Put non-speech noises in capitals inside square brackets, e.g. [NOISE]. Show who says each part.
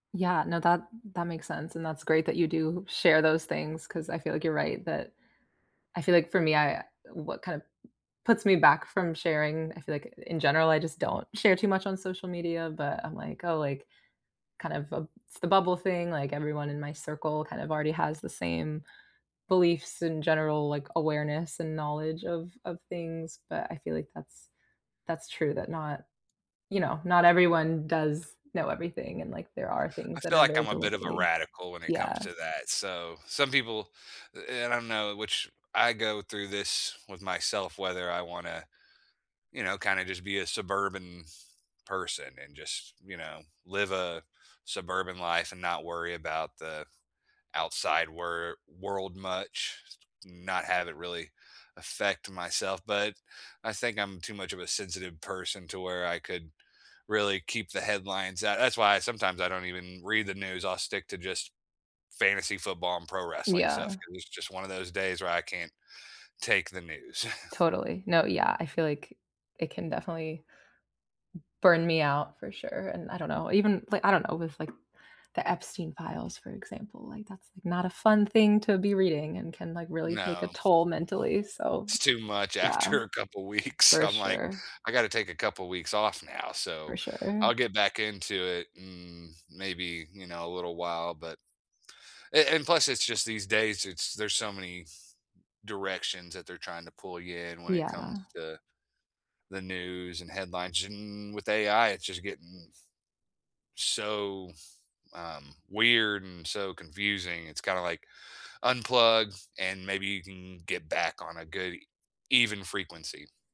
Speaker 1: Yeah, no, that that makes sense, and that's great that you do share those things, 'cause I feel like you're right that I feel like for me, I what kind of m puts me back from sharing, I feel like in general, I just don't share too much on social media, but I'm like, oh, like, kind of, uh it's the bubble thing, like everyone in my circle kind of already has the same beliefs in general, like awareness and knowledge of of things, but I feel like that's that's true that not you know, not everyone does know everything and, like, there are
Speaker 2: I
Speaker 1: things that
Speaker 2: feel
Speaker 1: are
Speaker 2: like
Speaker 1: very
Speaker 2: I'm a bit of a
Speaker 1: deliberately
Speaker 2: radical when it
Speaker 1: yeah.
Speaker 2: comes to that, so, some people eh, and I know which I go through this with myself whether I wanna, you know, kinda just be a suburban person and just, you know, live a suburban life and not worry about the outside wer world much, not have it really affect myself, but I think I'm too much of a sensitive person to where I could really keep the headlines at that's why sometimes I don't even read the news. I'll stick to just fantasy football and pro wrestling stuff
Speaker 1: Yeah.
Speaker 2: 'cause it's just one of those days where I can't take the news. [CHUCKLES]
Speaker 1: Totally. No, yeah, I feel like it can definitely b burn me out for sure. And I don't know, even like, I don't know, with like, the Epstein Files, for example, like, that's not a fun thing to be reading and can, like, really take a
Speaker 2: No.
Speaker 1: toll mentally. So,
Speaker 2: It's too much
Speaker 1: yeah.
Speaker 2: after a couple weeks.
Speaker 1: For
Speaker 2: I'm like,
Speaker 1: sure.
Speaker 2: "I gotta take a couple weeks off now,"
Speaker 1: For
Speaker 2: so
Speaker 1: sure.
Speaker 2: I'll get back into it in, mm, maybe, you know, a little while but eh, and, plus, it's just these days, it's there's so many directions that they're trying to pull you in when it comes
Speaker 1: Yeah.
Speaker 2: to the news and headlines, and with AI, it's just getting so, um, weird and so confusing. It's kinda like unplug and maybe you can get back on a good even frequency.